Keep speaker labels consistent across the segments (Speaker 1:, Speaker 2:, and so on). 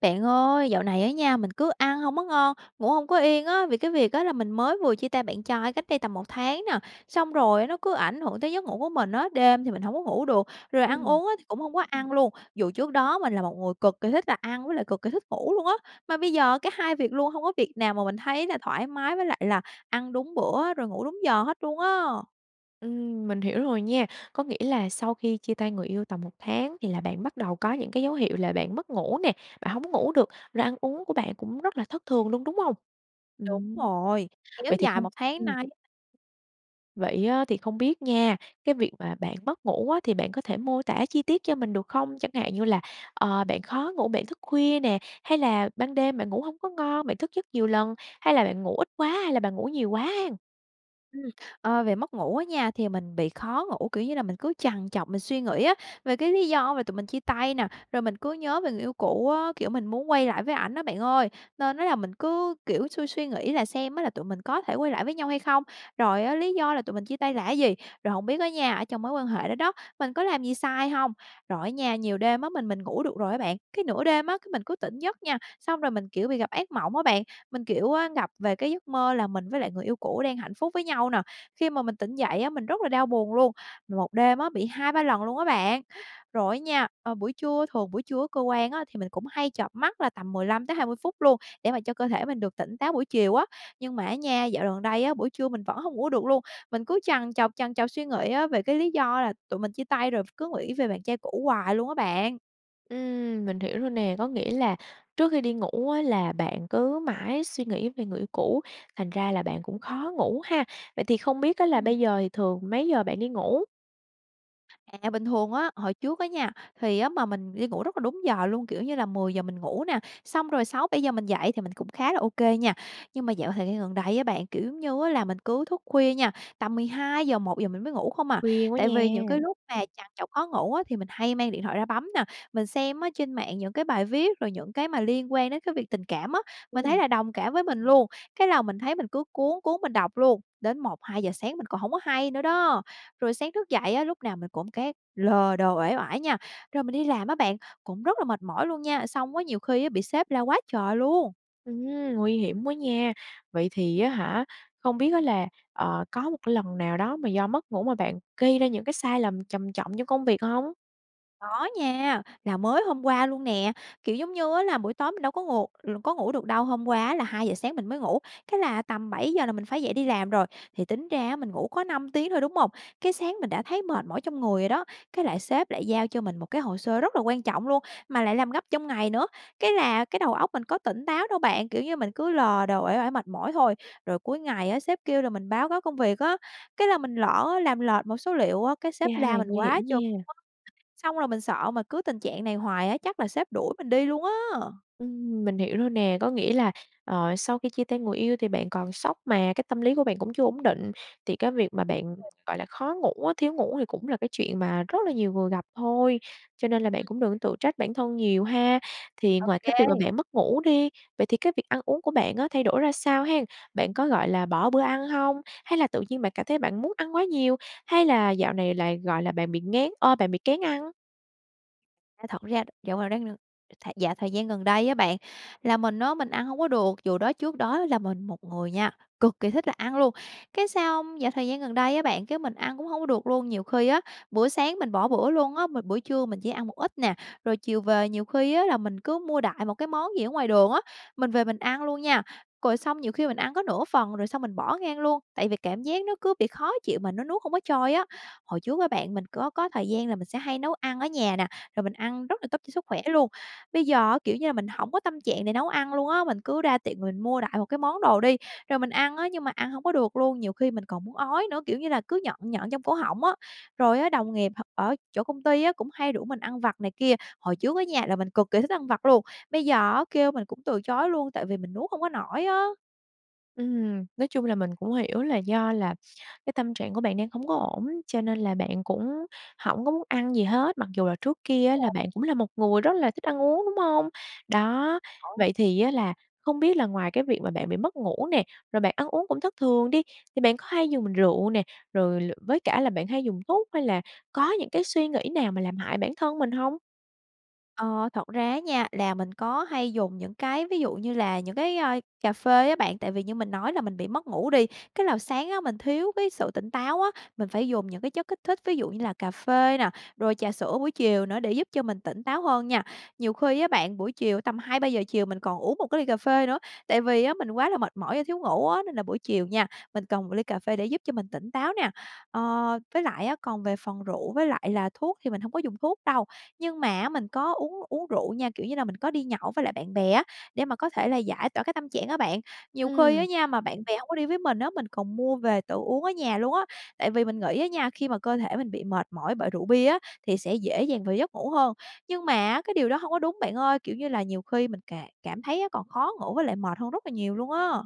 Speaker 1: Bạn ơi, dạo này á nha, mình cứ ăn hông có ngon, ngủ hông có yên á, vì cái việc á là mình mới vừa chia tay bạn trai cách đây tầm 1 tháng nè, xong rồi nó cứ ảnh hưởng tới giấc ngủ của mình á. Đêm thì mình hổng có ngủ được, rồi ăn
Speaker 2: Ừm.
Speaker 1: uống á, thì cũng không có ăn luôn, dù trước đó mình là một người cực kỳ thích là ăn với lại cực kỳ thích ngủ luôn á, mà bây giờ cả hai việc luôn hông có việc nào mà mình thấy là thoải mái với lại là ăn đúng bữa, rồi ngủ đúng giờ hết luôn á.
Speaker 2: Ừm, mình hiểu rồi nha. Có nghĩa là sau khi chia tay người yêu tầm 1 tháng thì là bạn bắt đầu có những cái dấu hiệu là bạn mất ngủ nè, bạn hông có ngủ được, rồi ăn uống của bạn cũng rất là thất thường luôn, đúng không?
Speaker 1: Đúng
Speaker 2: Ừm,
Speaker 1: rồi, kéo
Speaker 2: vậy thì
Speaker 1: dài
Speaker 2: không
Speaker 1: 1 tháng nay.
Speaker 2: Vậy á, thì không biết nha, cái việc mà bạn mất ngủ á, thì bạn có thể mô tả chi tiết cho mình được không? Chẳng hạn như là, ờ, bạn khó ngủ, bạn thức khuya nè, hay là ban đêm bạn ngủ hông có ngon, bạn thức giấc nhiều lần, hay là bạn ngủ ít quá hay là bạn ngủ nhiều quá hen?
Speaker 1: Ừm, ờ, về mất ngủ á nha, thì mình bị khó ngủ, kiểu như là, mình cứ trằn trọc, mình suy nghĩ á về cái lý do về tụi mình chia tay nè, rồi mình cứ nhớ về người yêu cũ á, kiểu, mình muốn quay lại với ảnh á bạn ơi, nên á là mình cứ, kiểu, suy suy nghĩ là xem á là tụi mình có thể quay lại với nhau hay không, rồi á, lý do là tụi mình chia tay là cái gì, rồi hổng biết á nha, ở trong mối quan hệ đó đó, mình có làm gì sai hông. Rồi á nha nhiều đêm á, mình mình ngủ được rồi á bạn, cái nửa đêm á, cái mình cứ tỉnh giấc nha, xong rồi mình, kiểu, bị gặp ác mộng á bạn, mình, kiểu, ơ, gặp về cái giấc mơ là mình với lại người yêu cũ đang hạnh phúc với nhau nè, khi mà mình tỉnh dậy á, mình rất là đau buồn luôn, 1 đêm á bị 2, 3 lần luôn á bạn. Rồi á nha, ờ, buổi trưa thường buổi trưa ở cơ quan á thì mình cũng hay chợp mắt là tầm 15-20 phút luôn để mà cho cơ thể mình được tỉnh táo buổi chiều á, nhưng mà á nha, dạo gần đây á, buổi trưa mình vẫn hông ngủ được luôn, mình cứ trằn trọc, trằn trọc suy nghĩ á về cái lý do là tụi mình chia tay, rồi cứ nghĩ về bạn trai cũ hoài luôn á bạn.
Speaker 2: Ừm, mình hiểu rồi nè. Có nghĩa là trước khi đi ngủ á, là bạn cứ mãi suy nghĩ về người yêu cũ, thành ra là bạn cũng khó ngủ ha. Vậy thì không biết á, là
Speaker 1: Ừm.
Speaker 2: bây giờ thì thường mấy giờ bạn đi ngủ?
Speaker 1: À, bình thường á, hồi trước á nha, thì á, mà mình đi ngủ rất là đúng giờ luôn. Kiểu như là, 10:00 mình ngủ nè, xong rồi 6:00-7:00 mình dậy thì mình cũng khá là OK nha. Nhưng mà dạo thời gian gần đây á bạn, kiểu giống như á, là mình cứ thức khuya nha, tầm 12:00-1:00 mình mới ngủ không à.
Speaker 2: Khuya quá
Speaker 1: Tại vì những cái
Speaker 2: nha!
Speaker 1: lúc mà trằn trọc khó ngủ á, thì mình hay mang điện thoại ra bấm nè. Mình xem trên mạng những cái bài viết rồi những cái mà liên quan đến cái việc tình cảm á, mình thấy
Speaker 2: Ừm.
Speaker 1: là đồng cảm với mình luôn, cái là mình thấy mình cứ cuốn, cuốn mình đọc luôn, đến 1:00-2:00 sáng mình còn hổng có hay nữa đó. Rồi sáng thức dậy á, lúc nào mình cũng cái lờ đờ, uể oải nha. Rồi mình đi làm á bạn, cũng rất là mệt mỏi luôn nha, xong có nhiều khi bị sếp la quá trời luôn!
Speaker 2: Ừm, nguy hiểm quá nha. Vậy thì á hả, không biết á là, ờ, có một lần nào đó mà do mất ngủ mà bạn gây ra những cái sai lầm trầm trọng trong công việc hông?
Speaker 1: Có nha, là mới hôm qua luôn nè. Kiểu giống như á là, buổi tối mình đâu có ngù l có ngủ được đâu, hôm qua là 2:00 sáng mình mới ngủ, cái là tầm 7:00 là mình phải dậy đi làm rồi. Thì tính ra á, mình ngủ có 5 tiếng thôi, đúng hông? Cái sáng mình đã thấy mệt mỏi trong người rồi đó, cái lại sếp lại giao cho mình một cái hồ sơ rất là quan trọng luôn, mà lại làm gấp trong ngày nữa. Cái là cái đầu óc mình có tỉnh táo đâu bạn, kiểu như, mình cứ lờ đờ, uể oải, mệt mỏi thôi. Rồi cuối ngày á, sếp kêu là mình báo cáo công việc á, cái là mình lỡ làm lệch một số liệu á, cái
Speaker 2: Chà,
Speaker 1: sếp la mình
Speaker 2: nguy
Speaker 1: quá
Speaker 2: hiểm
Speaker 1: chừng
Speaker 2: nha.
Speaker 1: luôn á. Xong rồi mình sợ mà cứ tình trạng này hoài á, chắc là sếp đuổi mình đi luôn á!
Speaker 2: Ừm, mình hiểu rồi nè. Có nghĩa là, ờ, sau khi chia tay người yêu thì bạn còn sốc mà, cái tâm lý của bạn cũng chưa ổn định. Thì cái việc mà bạn,
Speaker 1: [unintelligible]
Speaker 2: gọi là, khó ngủ á, thiếu ngủ thì cũng là cái chuyện mà rất là nhiều người gặp thôi. Cho nên là bạn
Speaker 1: Ừm.
Speaker 2: cũng đừng có tự trách bản thân nhiều ha. Thì
Speaker 1: Ô
Speaker 2: ngoài cái việc mà
Speaker 1: kê.
Speaker 2: bạn mất ngủ đi, vậy thì cái việc ăn uống của bạn á, thay đổi ra sao hén? Bạn có, gọi là, bỏ bữa ăn hông? Hay là tự nhiên bạn cảm thấy bạn muốn ăn quá nhiều, hay là dạo này lại, gọi là, bạn bị nghén ơ, bạn bị kén ăn?
Speaker 1: A, thật ra, dạo gần đây n th dạo thời gian gần đây á bạn, là mình á mình ăn hông có được, dù đó trước đó là mình một người nha, cực kỳ thích là ăn luôn, cái xong dạo thời gian gần đây á bạn, cái mình ăn cũng hông có được luôn. Nhiều khi á, bữa sáng mình bỏ bữa luôn á, m bữa trưa mình chỉ ăn một ít nè, rồi chiều về nhiều khi á là mình cứ mua đại một cái món gì ở ngoài đường á, mình về mình ăn luôn nha, rồi xong nhiều khi mình ăn có nửa phần rồi xong mình bỏ ngang luôn, tại vì cảm giác nó cứ bị khó chịu mà nó nuốt hông có trôi á. Hồi trước á bạn, mình có có thời gian là mình sẽ hay nấu ăn ở nhà nè, rồi mình ăn rất là tốt cho sức khỏe luôn, bây giờ á, kiểu như là, mình hổng có tâm trạng để nấu ăn luôn á, mình cứ ra tiệm mà mình mua đại một cái món đồ đi, rồi mình ăn á, nhưng mà ăn hông có được luôn, nhiều khi mình còn muốn ói nữa, kiểu như là, cứ nhợn nhợn trong cổ họng á. Rồi á, đồng nghiệp h ở chỗ công ty á cũng hay rủ mình ăn vặt này kia, hồi trước á nha, là mình cực kỳ thích ăn vặt luôn, bây giờ á kêu mình cũng từ chối luôn tại vì mình nuốt hông có nổi á.
Speaker 2: Ừm, nói chung là mình cũng hiểu là do là cái tâm trạng của bạn đang hông có ổn, cho nên là bạn cũng hổng có muốn ăn gì hết, mặc dù là trước kia á là bạn cũng là một người rất là thích ăn uống, đúng hông? Đó.
Speaker 1: Công nhận.
Speaker 2: Vậy thì á là không biết là ngoài cái việc mà bạn bị mất ngủ nè, rồi bạn ăn uống cũng thất thường đi, thì bạn có hay dùng rượu nè, rồi l với cả là bạn hay dùng thuốc hay là có những cái suy nghĩ nào mà làm hại bản thân mình hông?
Speaker 1: Ờ, thật ra á nha, là mình có hay dùng những cái ví dụ như là những cái, ơ, cà phê á bạn. Tại vì như mình nói là mình bị mất ngủ đi, cái là sáng á, mình thiếu cái sự tỉnh táo á, mình phải dùng những cái chất kích thích ví dụ như là cà phê nè, rồi trà sữa buổi chiều nữa để giúp cho mình tỉnh táo hơn nha. Nhiều khi á bạn, buổi chiều tầm 2:00-3:00 chiều mình còn uống một cái ly cà phê nữa. Tại vì á, mình quá là mệt mỏi và thiếu ngủ á, nên là buổi chiều nha, mình cần một ly cà phê để giúp cho mình tỉnh táo nè. Ờ, với lại á, còn về phần rượu với lại là thuốc thì mình hông có dùng thuốc đâu. Nhưng mà á, mình có uống uống rượu nha, kiểu như là mình có đi nhậu với lại bạn bè á, để mà có thể là giải tỏa cái tâm trạng á bạn. Nhiều khi
Speaker 2: Ừm.
Speaker 1: á nha, mà bạn bè hông có đi với mình á, mình còn mua về tự uống ở nhà luôn á. Tại vì mình nghĩ á nha, khi mà cơ thể mình bị mệt mỏi bởi rượu bia á, thì sẽ dễ dàng vào giấc ngủ hơn. Nhưng mà á, cái điều đó hông có đúng bạn ơi, kiểu như là, nhiều khi mình cà cảm thấy á, còn khó ngủ với lại mệt hơn rất là nhiều luôn á.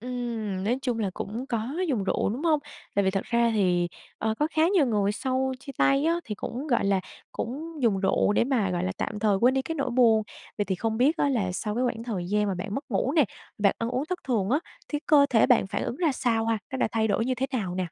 Speaker 2: Ừm, nói chung là cũng có dùng rượu, đúng hông? Tại vì thật ra thì, ờ, có khá nhiều người sau chia tay á, thì cũng, gọi là, cũng dùng rượu để mà, gọi là, tạm thời quên đi cái nỗi buồn. Vậy thì không biết á, là sau cái quãng thời gian mà bạn mất ngủ nè, bạn ăn uống thất thường á, thì cơ thể bạn phản ứng ra sao ha? Nó đã thay đổi như thế nào nè?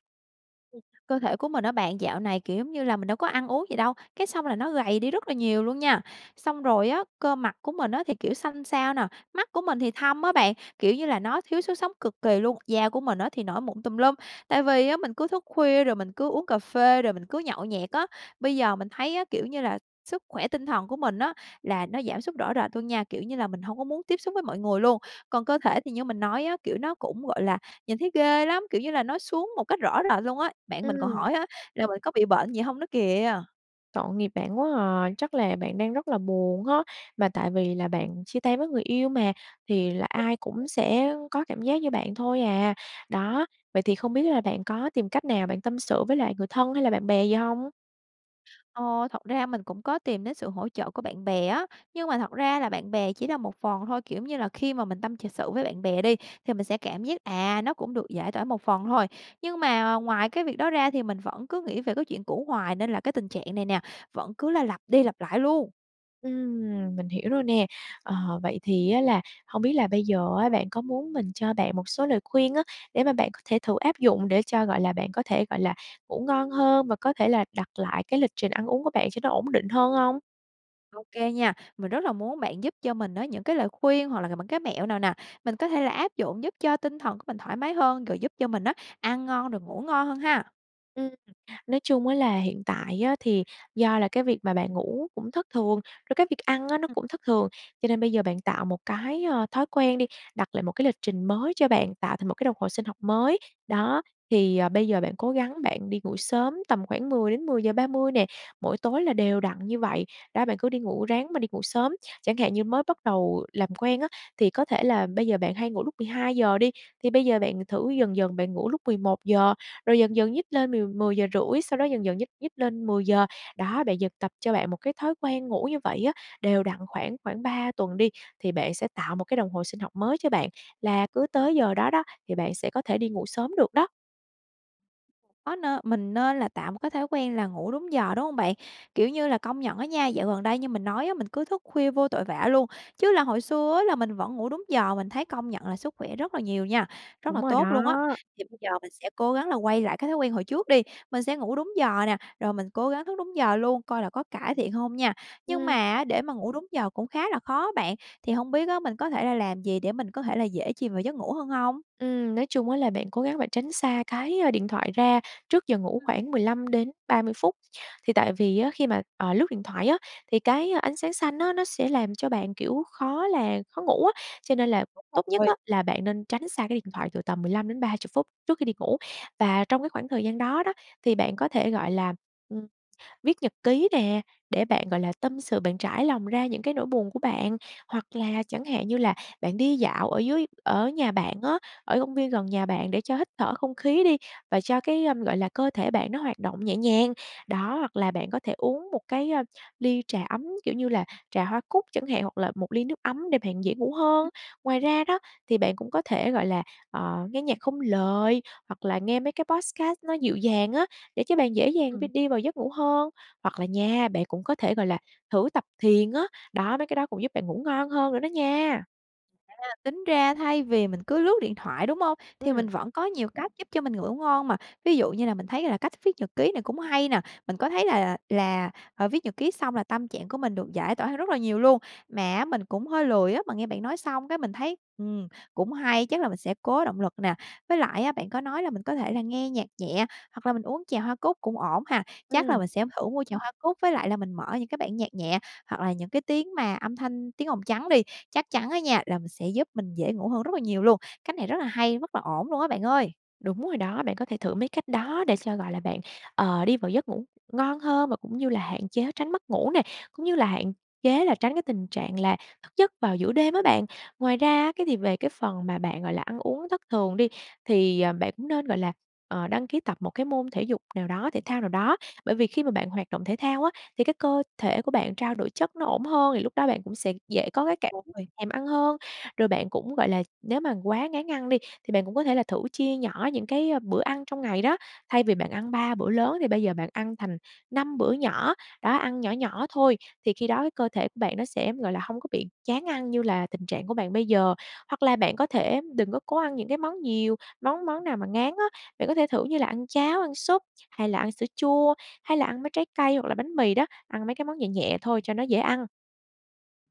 Speaker 1: Cơ thể của mình á bạn dạo này, kiểu, giống như là, mình đâu có ăn uống gì đâu, cái xong là nó gầy đi rất là nhiều luôn nha. Xong rồi á, cơ mặt của mình á thì, kiểu, xanh xao nè, mắt của mình thì thâm á bạn, kiểu như là, nó thiếu sức sống cực kì luôn. Da của mình á thì nổi mụn tùm lum, tại vì á mình cứ thức khuya rồi mình cứ uống cà phê rồi mình cứ nhậu nhẹt á. Bây giờ mình thấy á, kiểu như là, sức khỏe tinh thần của mình á là nó giảm sút rõ rệt luôn nha, kiểu như là, mình hông có muốn tiếp xúc với mọi người luôn. Còn cơ thể thì như mình nói á, kiểu, nó cũng, gọi là, nhìn thấy ghê lắm, kiểu như là, nó xuống một cách rõ rệt luôn á. Bạn mình còn
Speaker 2: Ừm.
Speaker 1: hỏi á là mình có bị bệnh gì hông nữa kìa.
Speaker 2: Tội nghiệp bạn quá à, chắc là bạn đang rất là buồn ha. Mà tại vì là bạn chia tay với người yêu mà thì là ai cũng
Speaker 1: [unintelligible]
Speaker 2: sẽ có cảm giác như bạn thôi à. Đó. Vậy thì không biết là bạn có tìm cách nào bạn tâm sự với lại người thân hay là bạn bè gì hông?
Speaker 1: Ờ, thật ra mình cũng có tìm đến sự hỗ trợ của bạn bè á, nhưng mà thật ra là bạn bè chỉ là một phần thôi, kiểu như là, khi mà mình tâm ch sự với bạn bè đi, thì mình sẽ cảm giác, à, nó cũng được giải tỏa một phần thôi. Nhưng mà ngoài cái việc đó ra thì mình vẫn cứ nghĩ về cái chuyện cũ hoài nên là cái tình trạng này nè, vẫn cứ là lặp đi lặp lại luôn.
Speaker 2: Ừm, mình hiểu rồi nè. Ờ, vậy thì á là hông biết là bây giờ á, bạn có muốn mình cho bạn một số lời khuyên á, để mà bạn có thể thử áp dụng để cho, gọi là, bạn có thể, gọi là, ngủ ngon hơn và có thể là đặt lại cái lịch trình ăn uống của bạn cho nó ổn định hơn hông?
Speaker 1: OK nha. Mình rất là muốn bạn giúp cho mình á, những cái lời khuyên hoặc là những cái mẹo nào nè, mình có thể là áp dụng, giúp cho tinh thần của mình thoải mái hơn, rồi giúp cho mình á, ăn ngon, rồi ngủ ngon hơn ha.
Speaker 2: Ừm, nói chung á là hiện tại á thì do là cái việc mà bạn ngủ cũng thất thường, rồi cái việc ăn á, nó
Speaker 1: [unintelligible]
Speaker 2: cũng thất thường. Cho nên bây giờ bạn tạo một cái, ơ, thói quen đi, đặt lại một cái lịch trình mới cho bạn, tạo thành một cái đồng hồ sinh học mới. Đó. Thì, ờ, bây giờ bạn cố gắng bạn đi ngủ sớm, tầm khoảng 10:00 đến 10:30 nè, mỗi tối là đều
Speaker 1: [unintelligible]
Speaker 2: đặn như vậy, đó, bạn cứ đi ngủ, ráng mà đi ngủ sớm. Chẳng hạn như mới bắt đầu làm quen á, thì có thể là bây giờ bạn hay ngủ lúc 12:00 đi, thì bây giờ bạn thử dần dần, bạn ngủ lúc 11:00, rồi dần dần nhích lên mười mười giờ rưỡi, sau đó dần dần nhích nhích lên 10:00. Đó, bạn dần tập cho bạn một cái thói quen ngủ như vậy á, đều đặn khoảng khoảng 3 tuần đi, thì bạn sẽ tạo một cái đồng hồ sinh học mới cho bạn, là cứ tới giờ đó đó, thì bạn sẽ có thể đi ngủ sớm được đó.
Speaker 1: Có, nê mình nên là tạo một cái thói quen là ngủ đúng giờ, đúng hông bạn? Kiểu như là, công nhận á nha, dạo gần đây như mình nói á, mình cứ thức khuya vô tội vạ luôn, chứ là hồi xưa á là mình vẫn ngủ đúng giờ, mình thấy công nhận là sức khỏe rất là nhiều nha, rất
Speaker 2: Đúng
Speaker 1: là
Speaker 2: rồi
Speaker 1: tốt luôn á.
Speaker 2: đó.
Speaker 1: Thì bây giờ mình sẽ cố gắng là quay lại cái thói quen hồi trước đi, mình sẽ ngủ đúng giờ nè, rồi mình cố gắng thức đúng giờ luôn, coi là có cải thiện hông nha. Nhưng mà
Speaker 2: Ưm.
Speaker 1: á để mà ngủ đúng giờ cũng khá là khó bạn, thì hông biết á mình có thể là làm gì để mình có thể là dễ chìm vào giấc ngủ hơn hông?
Speaker 2: Ừm, nói chung á là bạn cố gắng bạn tránh xa cái, ơ, điện thoại ra trước giờ ngủ
Speaker 1: Ừm.
Speaker 2: khoảng 15-30 phút. Thì tại vì á khi mà, ờ, lướt điện thoại á thì cái ánh sáng xanh á nó sẽ làm cho bạn, kiểu, khó là khó ngủ á, cho nên là
Speaker 1: Đúng
Speaker 2: tốt nhất á
Speaker 1: rồi.
Speaker 2: là bạn nên tránh xa cái điện thoại từ tầm 15-30 phút trước khi đi ngủ. Và trong cái khoảng thời gian đó đó thì bạn có thể, gọi là, ừm, viết nhật ký nè, để bạn, gọi là, tâm sự, bạn trải lòng ra những cái nỗi buồn của bạn. Hoặc là chẳng hạn như là bạn đi dạo ở dưới ở nhà bạn á, ở công viên gần nhà bạn để cho hít thở không khí đi và cho cái, ờm, gọi là, cơ thể bạn nó hoạt động nhẹ nhàng. Đó, hoặc là bạn có thể uống một cái, ơ, ly trà ấm, kiểu, như là trà hoa cúc chẳng hạn hoặc là một ly nước ấm để bạn dễ ngủ hơn.
Speaker 1: Ừm.
Speaker 2: Ngoài ra đó thì bạn cũng có thể, gọi là, ờ, nghe nhạc không lời, hoặc là nghe mấy cái podcast nó dịu dàng á để cho bạn dễ dàng v
Speaker 1: Ừm.
Speaker 2: đi vào giấc ngủ hơn, hoặc là nha bạn cũng có thể, gọi là, thử tập thiền á, đó, mấy cái đó cũng giúp bạn ngủ ngon hơn nữa đó nha.
Speaker 1: À, tính ra thay vì mình cứ lướt điện thoại, đúng hông? Thì mình
Speaker 2: Ừm.
Speaker 1: vẫn có nhiều cách giúp cho mình ngủ ngon mà, ví dụ như là mình thấy là cách viết nhật ký này cũng hay nè. Mình có thấy là là là, à, viết nhật ký xong là tâm trạng của mình được giải tỏa hơn rất là nhiều luôn. Mà á mình cũng hơi lười á, mà nghe bạn nói xong cái mình thấy, ừm, cũng hay, chắc là mình sẽ cố động lực nè. Với lại á, bạn có nói là mình có thể là nghe nhạc nhẹ hoặc là mình uống chè hoa cúc cũng ổn ha. Chắc là
Speaker 2: Ừm.
Speaker 1: mình sẽ thử mua chè hoa cúc với lại là mình mở những cái bản nhạc nhẹ hoặc là những cái tiếng mà âm thanh, tiếng ồn trắng đi. Chắc chắn á nha, là mình sẽ giúp mình dễ ngủ hơn rất là nhiều luôn. Cách này rất là hay, rất là ổn luôn á bạn ơi!
Speaker 2: Đúng rồi đó. Bạn có thể thử mấy cách đó để cho, gọi là, bạn, ờ, đi vào giấc ngủ ngon hơn và cũng như là hạn chế tránh mất ngủ nè. Cũng như là hạn chế là tránh cái tình trạng là thức giấc vào giữa đêm á bạn. Ngoài ra á, cái việc về cái phần mà bạn, gọi là, ăn uống thất thường đi, thì, ờ, bạn cũng nên, gọi là, ờ, đăng ký tập một cái môn thể dục nào đó, thể thao nào đó. Bởi vì khi mà bạn hoạt động thể thao á, thì cái cơ thể của bạn trao đổi chất nó ổn hơn, thì lúc đó bạn cũng sẽ dễ có cái cảm [unintelligible]
Speaker 1: [unintelligible]
Speaker 2: thèm ăn hơn. Rồi bạn cũng, gọi là, nếu mà quá ngán ăn đi, thì bạn cũng có thể là thử chia nhỏ những cái, ơ, bữa ăn trong ngày đó. Thay vì bạn ăn 3 bữa lớn thì bây giờ bạn ăn thành 5 bữa nhỏ, đó, ăn nhỏ nhỏ thôi. Thì khi đó cơ thể của bạn nó sẽ, gọi là, hông có bị chán ăn như là tình trạng của bạn bây giờ. Hoặc là bạn có thể đừng có cố ăn những cái món nhiều, món món nào mà ngán á. Bạn có thể thử như là ăn cháo, ăn súp, hay là ăn sữa chua, hay là ăn mấy trái cây hoặc là bánh mì đó, ăn mấy cái món nhẹ nhẹ thôi cho nó dễ ăn.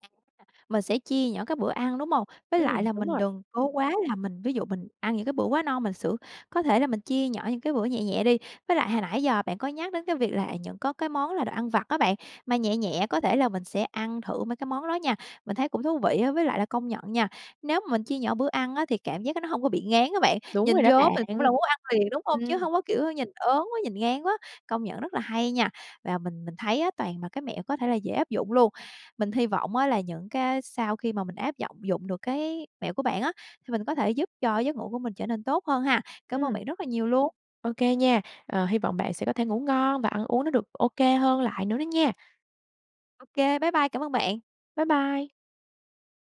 Speaker 1: [unintelligible] Mình sẽ chia nhỏ các bữa ăn, đúng hông? Với lại
Speaker 2: Ừm,
Speaker 1: là
Speaker 2: đúng
Speaker 1: mình
Speaker 2: rồi.
Speaker 1: đừng cố quá là mình, ví dụ mình ăn những cái bữa quá no mình sữa có thể là mình chia nhỏ những cái bữa nhẹ nhẹ đi. Với lại hồi nãy giờ bạn có nhắc đến cái việc là, à, những có cái món là đồ ăn vặt á bạn, mà nhẹ nhẹ, có thể là mình sẽ ăn thử mấy cái món đó nha, mình thấy cũng thú vị á. Với lại là công nhận nha, nếu mình chia nhỏ bữa ăn á, thì cảm giác cái nó hông có bị ngán á bạn.
Speaker 2: Đúng rồi
Speaker 1: Nhìn
Speaker 2: đó
Speaker 1: vô mình cũng
Speaker 2: bạn.
Speaker 1: là muốn ăn liền, đúng hông? Chứ
Speaker 2: Ừm.
Speaker 1: hông có kiểu nhìn ớn quá, nhìn ngán quá, công nhận rất là hay nha. Và mình mình thấy á, toàn là cái mẹo có thể là dễ áp dụng luôn. Mình hy vọng á là những cái sau khi mà mình áp giọng dụng được cái mẹo của bạn á, thì mình có thể giúp cho cái giấc ngủ của mình trở nên tốt hơn ha. Cảm ơn
Speaker 2: Ừm.
Speaker 1: bạn rất là nhiều luôn!
Speaker 2: OK nha. Ờ, hy vọng bạn sẽ có thể ngủ ngon và ăn uống nó được OK hơn lại nữa đó nha.
Speaker 1: Ô kê, bye bye. Cảm ơn bạn!
Speaker 2: Bye bye!